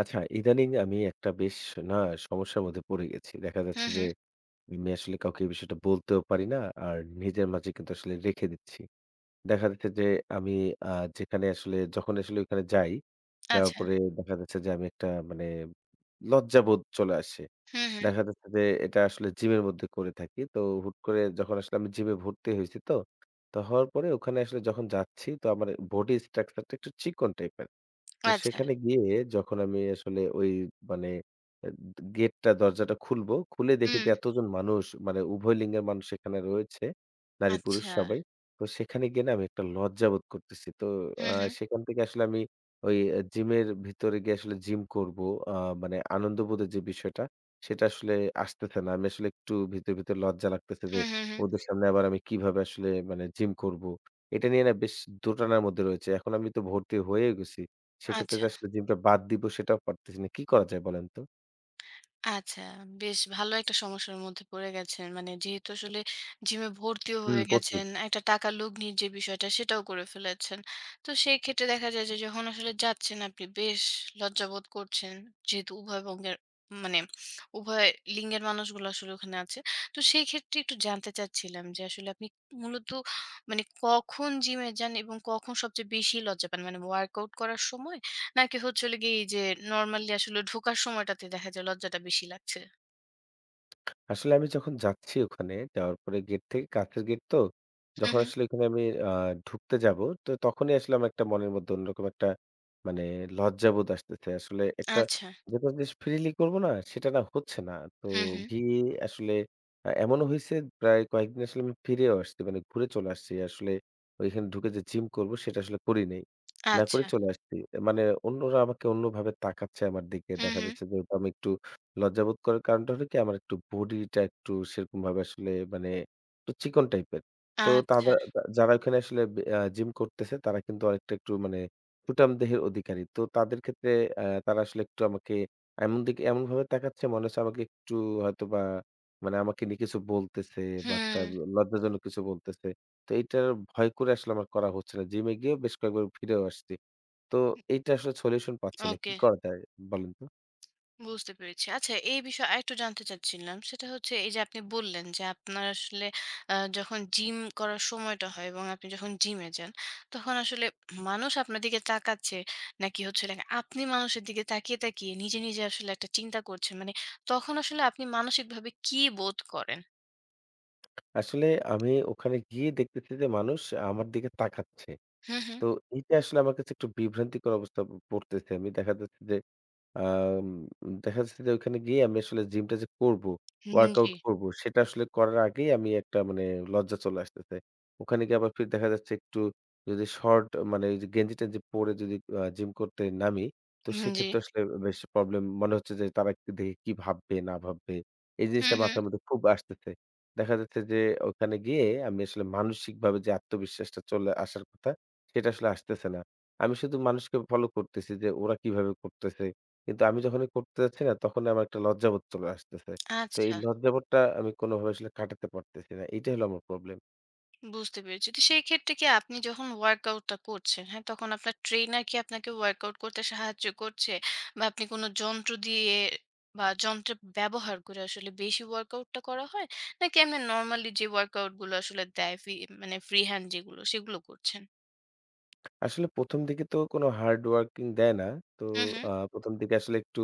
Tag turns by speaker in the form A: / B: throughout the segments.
A: আচ্ছা, ইদানিং আমি একটা বেশ না, সমস্যার মধ্যে পড়ে গেছি। দেখা
B: হু,
A: যাচ্ছে যে,
B: হু।
A: আমি আসলে কাউকে এই বিষয়টা বলতেও পারি না, আর নিজের মাঝে কিন্তু আসলে রেখে দিচ্ছি। দেখা যাচ্ছে যে, আমি আ যেখানে আসলে, যখন আসলে ওইখানে যাই, যাওয়ার
B: আচ্ছা।
A: পরে দেখা যাচ্ছে যে আমি একটা মানে লজ্জাবোধ চলে আসে।
B: হুম, হুম।
A: দেখা যাচ্ছে যে, এটা আসলে জিমের মধ্যে করে থাকি। তো হুট করে, যখন আসলে আমি জিমে ভর্তি হইছি তো, তো হওয়ার পরে ওখানে আসলে যখন যাচ্ছি তো আমার body structure টা একটু চিকন type এর। তো
B: আচ্ছা।
A: সেখানে গিয়ে যখন আমি আসলে ওই মানে এত gate টা দরজাটা খুলবো, খুলে দেখিতে
B: হুম।
A: এতজন মানুষ মানে উভয় লিঙ্গের মানুষ এখানে রয়েছে নারী-পুরুষ
B: আচ্ছা।
A: সবাই। তো, সেখানে গিয়ে না আমি একটা লজ্জাবোধ করতেছি। তো আ
B: হুম, হুম।
A: সেখান থেকে আসলে আমি ওই অ্যা জিমের ভিতরে গিয়ে আসলে gym করবো আ মানে আনন্দবোধের যে বিষয়টা, সেটা আসলে আসতেছে না। আমি আসলে একটু ভিতরে, ভিতরে, লজ্জা লাগতেছে যে,
B: হুম, হুম, হুম।
A: ওদের সামনে আবার আমি কিভাবে আসলে মানে gym করবো। এটা নিয়ে না বেশ দোটানার মধ্যে রয়েছে। এখন আমি তো ভর্তি হয়েও গেছি। সেক্ষেত্রে
B: আচ্ছা।
A: আসলে gym টা বাদ দিব, সেটাও পারতেছি না। কি করা যায়, বলেন তো?
B: আচ্ছা, বেশ ভালো একটা সমস্যার মধ্যে পড়ে গেছেন। মানে যেহেতু আসলে জিম এ ভর্তিও
A: হুম,
B: হয়ে
A: পড়ছি।
B: গেছেন, একটা টাকার লগ্নীর যে বিষয়টা সেটাও করে ফেলেছেন। তো সেই ক্ষেত্রে দেখা যায় যে যখন আসলে যাচ্ছেন আপনি বেশ লজ্জা বোধ করছেন। যেহেতু উভয়বঙ্গের মানে উভয় লিঙ্গের মানুষগুলো আসলে ওখানে আছে। তো সেই ক্ষেত্রে একটু জানতে চাচ্ছিলাম, যে আসলে আপনি মূলত মানে কখন জিম এ যান এবং কখন সবচেয়ে বেশি লজ্জা পান। মানে ওয়ার্কআউট করার সময় নাকি হচ্ছে হলো গিয়ে এই যে normally আসলে ঢোকার সময়টাতে দেখা যায় লজ্জাটা বেশি লাগছে?
A: আসলে আমি যখন যাচ্ছি ওখানে, যাওয়ার পরে gate থেকে কাঁচের gate তো।
B: হুম,
A: যখন
B: হুম।
A: আসলে ওখানে আমি আ ঢুকতে যাব তো তখনই আসলে আমার একটা মনের মধ্যে অন্যরকম একটা মানে লজ্জাবোধ আসতেছে। আসলে একটা
B: আচ্ছা।
A: যেটা জিস freely করবো না সেটা না হচ্ছে না। তো
B: হুম, হুম।
A: গিয়ে আসলে আ এমনও হইছে প্রায় কয়েকদিন আসলে আমি ফিরেও আসছি। মানে ঘুরে চলে আসছি। আসলে ওইখানে ঢুকে যে gym করবো সেটা আসলে করি নাই। না করে
B: আচ্ছা।
A: চলে আসছি। মানে অন্যরা আমাকে অন্যভাবে তাকাচ্ছে আমার দিকে।
B: হুম,
A: দেখা
B: হুম।
A: যাচ্ছে যেহেতু আমি একটু লজ্জাবোধ করার কারণটা হলো কি আমার একটু body টা একটু সেরকমভাবে আসলে মানে একটু চিকন type এর। তো
B: আচ্ছা।
A: তাদা যা যারা ওখানে আসলে ব্যা এ্যা gym করতেছে তারা কিন্তু অনেকটা একটু মানে সুঠাম দেহের অধিকারী। তো তাদের ক্ষেত্রে এ্যা তারা আসলে একটু আমাকে এমন দিকে, এমনভাবে তাকাচ্ছে মনে হচ্ছে আমাকে একটু হয়তোবা মানে আমাকে নিয়ে কিছু বলতেছে বা একটা ব
B: হুম।
A: লজ্জাজনক কিছু বলতেছে। তো এইটার ভয় করে আসলে আমার করা হচ্ছে না। gym এ গিয়েও বেশ কয়েকবার ফিরেও আসছি। তো
B: হুম।
A: এইটা আসলে solution পাচ্ছি না। কি
B: ওকে।
A: করা যায় বলেন তো?
B: বুঝতে পেরেছি। আচ্ছা, এই বিষয়ে আরেকটু জানতে চাচ্ছিলাম। সেটা হচ্ছে এই যে আপনি বললেন যে আপনার আসলে আ যখন জিম করার সময়টা হয় এবং আপনি যখন জিমে যান তখন আসলে মানুষ আপনার দিকে তাকাচ্ছে নাকি হচ্ছে হলো গিয়ে আপনি মানুষের দিকে তাকিয়ে, তাকিয়ে, নিজে, নিজে, আসলে একটা চিন্তা করছেন। মানে তখন আসলে আপনি মানসিকভাবে কী বোধ করেন?
A: আসলে আমি ওখানে গিয়ে দেখতেছি যে, মানুষ আমার দিকে তাকাচ্ছে।
B: হু, হু।
A: তো এইটা আসলে আমার কাছে একটু বিভ্রান্তিকর অবস্থা প পড়তেছে। আমি দেখা যাচ্ছে যে, আ উম দেখা যাচ্ছে যে ওখানে গিয়ে আমি আসলে gym টা যে করবো
B: হুম, হুম।
A: workout
B: জি।
A: করবো সেটা আসলে করার আগেই আমি একটা মানে লজ্জা চলে আসতেছে। ওখানে গিয়ে আবার ফের দেখা যাচ্ছে একটু যদি short আ মানে ওই যে গেঞ্জি-টেঞ্জি পড়ে যদি আ gym করতে নামি, তো
B: হুম, জি।
A: সেক্ষেত্রে আসলে বেশ problem মনে হচ্ছে যে তারা একটু দেখে কি ভাববে না ভাববে এই
B: হুম,
A: জিনিসটা
B: হুম।
A: মাথার মধ্যে খুব আসতেছে। দেখা যাচ্ছে যে, ওখানে গিয়ে আমি আসলে মানসিকভাবে যে আত্মবিশ্বাসটা চলে আসার কথা সেটা আসলে আসতেছে না। আমি শুধু মানুষকে follow করতেছি যে ওরা কিভাবে করতেছে। কিন্তু আমি যখনই করতে যাচ্ছি না তখনই আমার একটা লজ্জাবোধ চলে আসতেছে। তো এই
B: আচ্ছা।
A: লজ্জাবোধটা আমি কোনভাবে আসলে কাটাতে পারতেছি না। এইটা হলো আমার problem.
B: বুঝতে পেরেছি। তো সেই ক্ষেত্রে কি আপনি যখন ওয়ার্কআউট টা করছেন, হ্যাঁ তখন আপনার trainer কি আপনাকে ওয়ার্কআউট করতে সাহায্য করছে? বা আপনি কোন যন্ত্র দিয়ে বা যন্ত্র ব্যবহার করে আসলে বেশি ওয়ার্কআউট টা করা হয়? নাকি এমনে normally যে ওয়ার্কআউট গুলো আসলে দেয় ফি মানে free hand যেগুলো সেগুলো করছেন?
A: আসলে ১ম দিকে তো কোন hard working দেয় না। তো
B: হুম, হুম।
A: আ ১ম দিকে আসলে একটু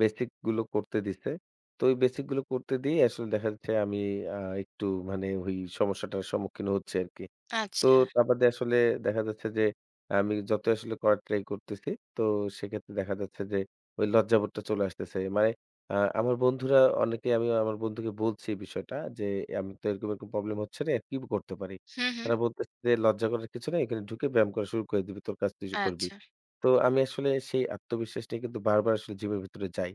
A: basic গুলো করতে দিছে। তো ওই basic গুলো করতে দিয়েই আসলে দেখা যাচ্ছে আমি আ একটু মানে ওই সমস্যাটার সম্মুখীন হচ্ছি আরকি। তো
B: আচ্ছা।
A: তা বাদে আসলে দেখা যাচ্ছে যে, আমি যতই আসলে করার try করতেছি তো সেক্ষেত্রে দেখা যাচ্ছে যে ওই লজ্জাবোধটা চলে আসতেছে। মানে আ আমার বন্ধুরা অনেকেই আমি আমার বন্ধুকে বলছি এই বিষয়টা যে আমি তো এরকম, এরকম, problem হচ্ছে রে, কি করতে পারি?
B: হুম, হুম।
A: তারা বলতেছে যে "লজ্জা করার কিছু নাই। এখানে ঢুকে ব্যায়াম করা শুরু করে দিবি, তোর কাজ তুই করবি।"
B: আচ্ছা।
A: তো আমি আসলে সেই আত্মবিশ্বাস নিয়ে কিন্তু বারবার আসলে জিমের ভিতরে যাই।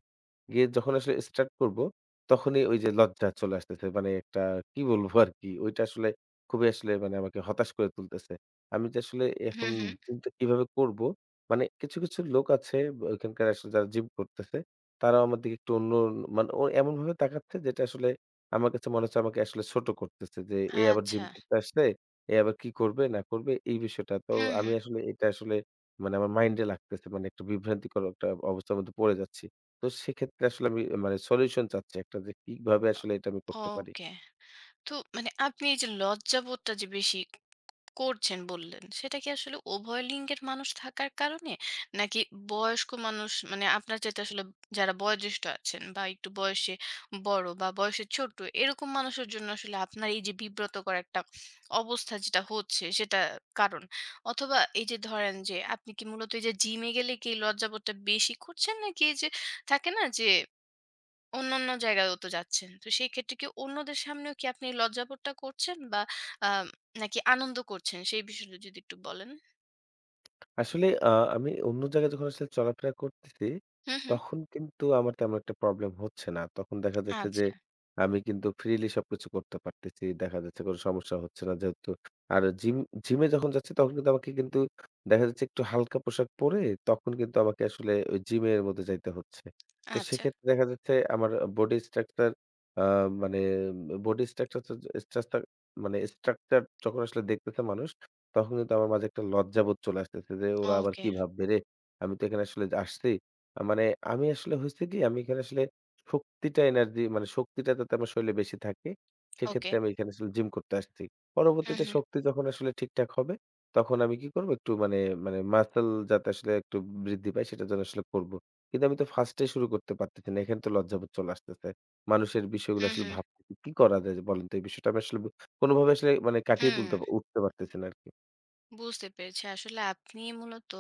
A: গিয়ে যখন আসলে start করবো তখনই ওই যে লজ্জা চলে আসতেছে। মানে একটা কি বলবো আরকি ওইটা আসলে খুবই আসলে মানে আমাকে হতাশ করে তুলতেসে। আমি যে আসলে
B: হুম,
A: এখন
B: হুম।
A: জিম টা কিভাবে করবো। মানে কিছু, কিছু, লোক আছে ব্যা ওইখানকার আসলে যারা gym করতেছে। তারাও আমার দিকে একটু অন্যন মানে ও এমনভাবে তাকাচ্ছে যেটা আসলে আমার কাছে মনে হচ্ছে আমাকে আসলে ছোট করতেছে। যে এ আবার
B: আচ্ছা।
A: gym করতে আসছে, এ আবার কি করবে না করবে এই বিষয়টা। তো
B: হুম,
A: আমি
B: হুম।
A: আসলে এটা আসলে মানে আমার mind এ লাগতেছে। মানে একটা বিভ্রান্তিকর একটা অবস্থার মধ্যে পড়ে যাচ্ছি। তো সেক্ষেত্রে আসলে আমি মানে solution চাচ্ছি একটা যে কিভাবে আসলে এটা আমি করতে পারি?
B: ওকে। তো মানে আপনি এই যে লজ্জাবোধটা যে বেশি করছেন বললেন। সেটা কি আসলে উভয় লিঙ্গের মানুষ থাকার কারণে? নাকি বয়স্ক মানুষ মানে আপনার চাইতে আসলে যারা বয়োজ্যেষ্ঠ আছেন বা একটু বয়সে বড় বা বয়সে ছোট এরকম মানুষের জন্য আসলে আপনার এই যে বিব্রতকর একটা অবস্থা যেটা হচ্ছে সেটা কারণ? অথবা এই যে ধরেন যে আপনি কি মূলত এই যে জিম এ গেলে কি লজ্জাবোধটা বেশি করছেন? নাকি এই যে থাকে না যে অন্যান্য জায়গাতেও তো যাচ্ছেন। তো সেই ক্ষেত্রে কি অন্যদের সামনেও কি আপনি লজ্জাবোধটা করছেন বা আম নাকি আনন্দ করছেন সেই বিষয়টা যদি একটু বলেন?
A: আসলে আ আমি অন্য জায়গায় যখন আসলে চলাফেরা করতেছি
B: হুম, হুম।
A: তখন কিন্তু আমার তেমন একটা problem হচ্ছে না। তখন দেখা যাচ্ছে যে,
B: আচ্ছা।
A: আমি কিন্তু freely সবকিছু করতে পারতেছি। দেখা যাচ্ছে কোন সমস্যা হচ্ছে না। যেহেতু আর gym gym-এ যখন যাচ্ছি তখন কিন্তু আমাকে কিন্তু দেখা যাচ্ছে একটু হালকা পোশাক পড়ে তখন কিন্তু আমাকে আসলে ওই gym এর মধ্যে যাইতে হচ্ছে। তো
B: আচ্ছা।
A: সেক্ষেত্রে দেখা যাচ্ছে আমার আ body structure আ মানে উম বডি স্ট্রাকচারযা স্ট্রাটচার মানে structure যখন আসলে দেখতেছে মানুষ তখন কিন্তু আমার মাঝে একটা লজ্জাবোধ চলে আসতেছে যে "ওরা আবার
B: ওকে।
A: কি ভাববে রে? আমি তো এখানে আসলে আসছি" আ মানে আমি আসলে হইছে কি আমি এখানে আসলে শক্তিটা energy মানে শক্তিটা যাতে আমার শরীরে বেশি থাকে সেক্ষেত্রে
B: ওকে।
A: আমি এখানে আসলে gym করতে আসছি।
B: হু,
A: পরবর্তীতে
B: হু।
A: শক্তি যখন আসলে ঠিকঠাক হবে তখন আমি কি করব একটু মানে মানে, muscle যাতে আসলে একটু বৃদ্ধি পায় সেটা জন্য আসলে করব। কিন্তু আমি তো first এই শুরু করতে পারতেছি না। এখান তো লজ্জাবোধ চলে আসতেছে। মানুষের বিষয়গুলো
B: হু,
A: আসলে
B: হু।
A: ভাব [unintelligible] কি করা যায় যে বলেন তো এই বিষয়টা আমি আসলে ব কোনভাবে আসলে মানে কাটিয়ে তুলতে
B: হুম।
A: উঠতে পারতেছি না আরকি।
B: বুঝতে পেরেছি। আসলে আপনি মূলত,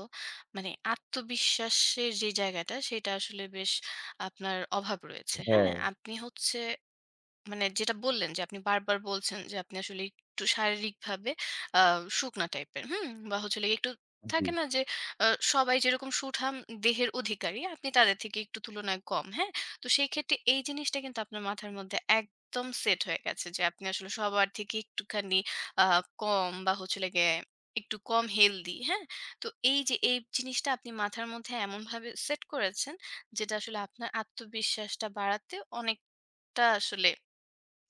B: মানে আত্মবিশ্বাসের যে জায়গাটা সেটা আসলে বেশ আপনার অভাব রয়েছে, হ্যাঁ?
A: হ্যাঁ।
B: আপনি হচ্ছে মানে যেটা বললেন যে আপনি বারবার বলছেন যে আপনি আসলে একটু শারীরিকভাবে আ শুকনা টাইপের, হুম? বা হচ্ছে হলো গিয়ে একটু থাকে
A: জি।
B: না যে অ সবাই যেরকম সুঠাম দেহের অধিকারী আপনি তাদের থেকে একটু তুলনায় কম, হ্যাঁ? তো সেইক্ষেত্রে এই জিনিসটা কিন্তু আপনার মাথার মধ্যে একদম সেট হয়ে গেছে যে আপনি আসলে সবার থেকে একটুখানি আ কম বা হচ্ছে হলো গিয়ে একটু কম healthy, হ্যাঁ? তো এই যে এই জিনিসটা আপনি মাথার মধ্যে এমনভাবে সেট করেছেন, যেটা আসলে আপনার আত্মবিশ্বাসটা বাড়াতে অনেকটা আসলে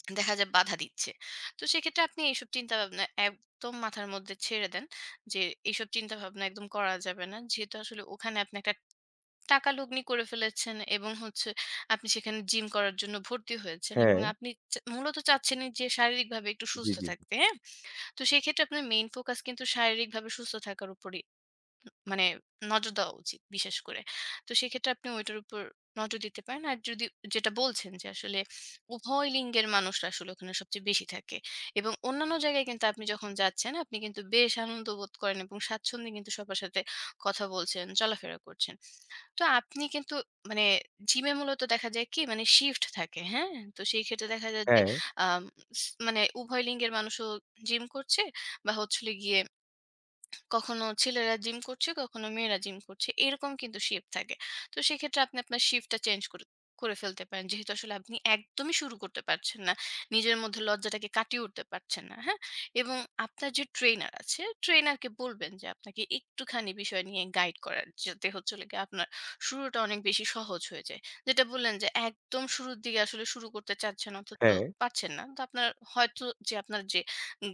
B: দেখা যায় বাধা দিচ্ছে। তো সেক্ষেত্রে আপনি এইসব চিন্তাভাবনা একদম মাথার মধ্যে ছেড়ে দেন। যে এইসব চিন্তাভাবনা একদম করা যাবে না। যেহেতু আসলে ওখানে আপনি একটা টাকা লগ্নি করে ফেলেছেন এবং হচ্ছে আপনি সেখানে জিম করার জন্য ভর্তি হয়েছেন এবং
A: হ্যাঁ।
B: আপনি চা মূলত চাচ্ছেনই যে শারীরিকভাবে একটু
A: জি,
B: সুস্থ
A: জি।
B: থাকতে, হ্যাঁ? তো সেক্ষেত্রে আপনার main focus কিন্তু শারীরিকভাবে সুস্থ থাকার উপরই উ মানে নজর দেওয়া উচিত বিশেষ করে। তো সেক্ষেত্রে আপনি ওইটার উপর নজর দিতে পারেন। আর যদি, যেটা বলছেন যে আসলে উভয় লিঙ্গের মানুষরা আসলে ওখানে সবচেয়ে বেশি থাকে এবং অন্যান্য জায়গায় কিন্তু আপনি যখন যাচ্ছেন আপনি কিন্তু বেশ আনন্দবোধ করেন এবং স্বাচ্ছন্দ্যে কিন্তু সবার সাথে কথা বলছেন, চলাফেরা করছেন। তো আপনি কিন্তু মানে জিমে মূলত দেখা যায় কি মানে shift থাকে, হ্যাঁ? তো সেইক্ষেত্রে দেখা যায় যে
A: হ্যা।
B: আম স মানে উভয় লিঙ্গের মানুষও জিম করছে বা হচ্ছে হলো গিয়ে কখনো ছেলেরা জিম করছে, কখনো মেয়েরা জিম করছে, এরকম কিন্তু shift থাকে। তো সেক্ষেত্রে আপনি আপনার shift টা change কর করে ফেলতে পারেন। যেহেতু আসলে আপনি একদমই শুরু করতে পারছেন না। নিজের মধ্যে লজ্জাটাকে কাটিয়ে উঠতে পারছেন না, হ্যাঁ? এবং আপনার যে trainer আছে trainer কে বলবেন যে আপনাকে একটুখানি বিষয় নিয়ে guide করার, যাতে হচ্ছে হলো গিয়ে আপনার শুরুটা অনেক বেশি সহজ হয়ে যায়। যেটা বললেন যে একদম শুরুর দিকে আসলে শুরু করতে চাচ্ছেন অথচ তো
A: হ্যা।
B: পারছেন না। তো আপনার হয়তো যে আপনার যে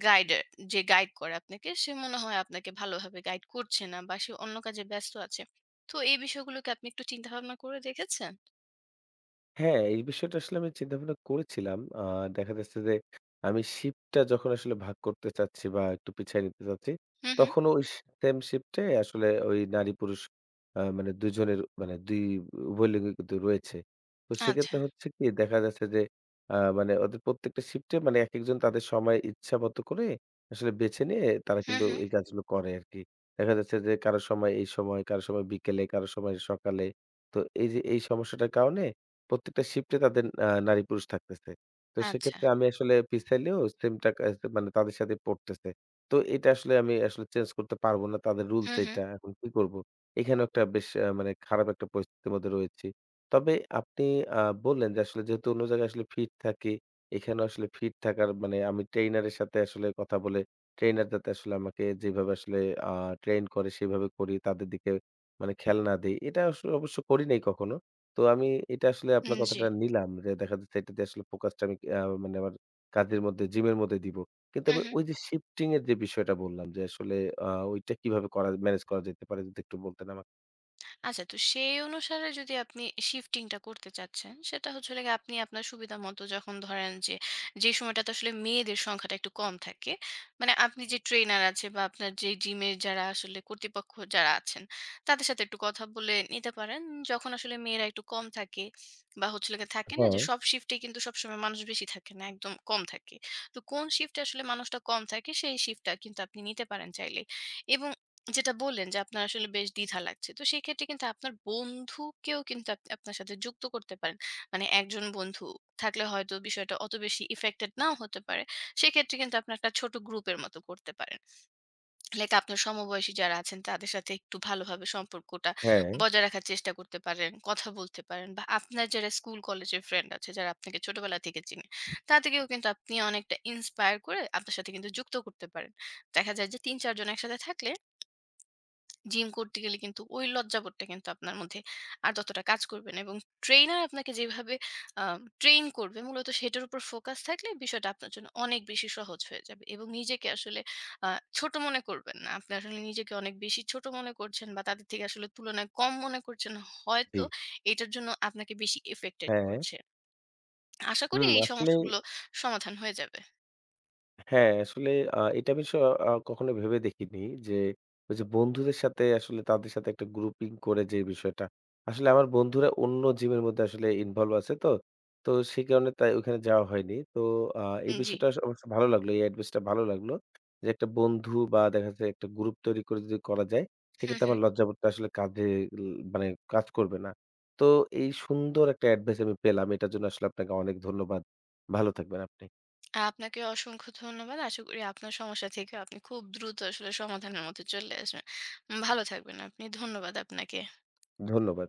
B: guider যে guide করে আপনাকে সে মনে হয় আপনাকে ভালো ভাবে guide করছে না বা সে অন্য কাজে ব্যস্ত আছে। তো এই বিষয়গুলোকে আপনি একটু চিন্তাভাবনা করে দেখেছেন?
A: হ্যাঁ, এই বিষয়টা আসলে আমি চিন্তা-ভাবনা করেছিলাম। আ দেখা যাচ্ছে যে আমি শিফটটা যখন আসলে ভাগ করতে চাচ্ছি বা একটু পিছায় নিতে চাচ্ছি,
B: হু, হু।
A: তখনও ওই সে সেম শিফটটায় আসলে ওই নারী-পুরুষ আ মানে ২ জনের ২ উভয় লিঙ্গই কিন্তু রয়েছে। তো
B: আচ্ছা।
A: সেক্ষেত্রে হচ্ছে কী, দেখা যাচ্ছে যে আ মানে ওদের প্রত্যেকটা শিফটে মানে একেকজন তাদের সময় ইচ্ছামতো করে আসলে বেছে নিয়ে তারা
B: হু,
A: কিন্তু
B: হু।
A: এই কাজগুলো করে আরকি। দেখা যাচ্ছে যে কারো সময় এই সময়, কারো সময় বিকেলে, কারো সময় সকালে। তো এই যে এই সমস্যাটার কারণে প্রত্যেকটা শিফটে তাদের আ নারী-পুরুষ থাকতেসে। তো
B: আচ্ছা।
A: সেক্ষেত্রে আমি আসলে পিছাইলেও সেম টাকা আস মানে তাদের সাথেই পড়তেসে। তো এটা আসলে আমি আসলে চেঞ্জ করতে পারব না। তাদের
B: হু,
A: রুলস
B: হু।
A: এইটা। এখন কী করব? এখানেও একটা বেশ অ্যা মানে খারাপ একটা পরিস্থিতির মধ্যে রয়েছি। তবে আপনি আ বললেন যে আসলে যেহেতু অন্য জায়গায় আসলে ফিট থাকি, এখানেও আসলে ফিট থাকার মানে আমি ট্রেইনারের সাথে আসলে কথা বলে ট্রেইনার যাতে আসলে আমাকে যেইভাবে আসলে আ ট্রেইন করে, সেভাবে করি। তাদের দিকে মানে খেয়াল না দেই। এটা আসলে অবশ্য করি নাই কখনো। তো আমি এটা আসলে
B: উম
A: আপনার কথাটা
B: জি।
A: নিলাম। রে দেখা যাচ্ছে এটাতে আসলে ফোকাসটা আমি অ্যা মানে আমার কাজের মধ্যে, জিমের মধ্যে দিব। কিন্তু
B: হু,
A: আমার
B: হু।
A: ওই যে শিফটিং-এর যে বিষয়টা বললাম যে আসলে আ ওইটা কীভাবে করা ম্যানেজ করা যেতে পারে যদি একটু বলতেন আমাকে।
B: আচ্ছা তো সেই অনুসারে যদি আপনি shifting টা করতে চাচ্ছেন সেটা হচ্ছে হলো গে আপনি আপনার সুবিধামত যখন ধরেন যে, যে, সময়টাতে আসলে মেয়েদের সংখ্যাটা একটু কম থাকে, মানে আপনি যে, trainer আছে বা আপনার যে জিমের যারা আসলে কর্তৃপক্ষ যারা আছেন তাদের সাথে একটু কথা বলে নিতে পারেন যখন আসলে মেয়েরা একটু কম থাকে বা হচ্ছে লেগে থাকে না যে,
A: হ্যা।
B: সব shift এ কিন্তু সবসময় মানুষ বেশি থাকে না একদম কম থাকে। তো কোন shift এ আসলে মানুষটা কম থাকে সেই shift টা কিন্তু আপনি নিতে পারেন চাইলে এবং যেটা বললেন যে আপনার আসলে বেশ দ্বিধা লাগছে তো সেক্ষেত্রে কিন্তু আপনার বন্ধুকেও কিন্তু আপ আপনার সাথে যুক্ত করতে পারেন। মানে একজন বন্ধু থাকলে হয়তো বিষয়টা অত বেশি effected নাও হতে পারে। সেক্ষেত্রে কিন্তু আপনার একটা ছোট group এর মতো করতে পারেন। লাইক আপনার সমবয়সী যারা আছেন তাদের সাথে একটু ভালো ভাবে সম্পর্কটা
A: হ্যা।
B: বজায় রাখার চেষ্টা করতে পারেন, কথা বলতে পারেন বা আপনার যারা school college এর friend আছে যারা আপনাকে ছোটবেলা থেকে চিনে তাদেরকেও কিন্তু আপনি অনেকটা inspire করে আপনার সাথে কিন্তু যুক্ত করতে পারেন। দেখা যায় যে ৩-৪ জন একসাথে থাকলে জিম করতে গেলে কিন্তু ওই লজ্জাবোধটা কিন্তু আপনার মধ্যে আর ততটা কাজ করবে না এবং trainer আপনাকে যেভাবে আ train করবে মূলত সেটার উপর focus থাকলে বিষয়টা আপনার জন্য অনেক বেশি সহজ হয়ে যাবে। এবং নিজেকে আসলে আ ছোট মনে করবেন না। আপনি আসলে নিজেকে অনেক বেশি ছোট মনে করছেন বা তাদের থেকে আসলে তুলনায় কম মনে করছেন হয়তো।
A: জি।
B: এটার জন্য আপনাকে বেশি effected
A: হ্যা।
B: করছে। আশা করি
A: হুম
B: এই
A: আসলেই
B: সমস্যাগুলো সমাধান হয়ে যাবে।
A: হ্যাঁ। আসলে আ এটা বিষয় অ কখনো ভেবে দেখিনি যে, ওই যে বন্ধুদের সাথে আসলে তাদের সাথে একটা grouping করে যে বিষয়টা। আসলে আমার বন্ধুরা অন্য gym এর মধ্যে আসলে involve আছে তো। তো, সে কারণে তাই ওখানে যাওয়া হয়নি। তো, আ এই
B: উম জি।
A: বিষয়টা আসলে আমার কাছে ভালো লাগলো। এই advice টা ভালো লাগলো। যে একটা বন্ধু বা দেখা যাচ্ছে একটা group তৈরি করে যদি করা যায়
B: হু,
A: সেক্ষেত্রে
B: হু।
A: আমার লজ্জাবোধটা আসলে কাজে ল মানে কাজ করবে না। তো এই সুন্দর একটা advice আমি পেলাম। এটার জন্য আসলে আপনাকে অনেক ধন্যবাদ। ভালো থাকবেন আপনি।
B: আপনাকে অসংখ্য ধন্যবাদ। আশা করি আপনার সমস্যা থেকে আপনি খুব দ্রুত আসলে সমাধানের মধ্যে চলে আসবেন। উম ভালো থাকবেন আপনি। ধন্যবাদ আপনাকে।
A: ধন্যবাদ।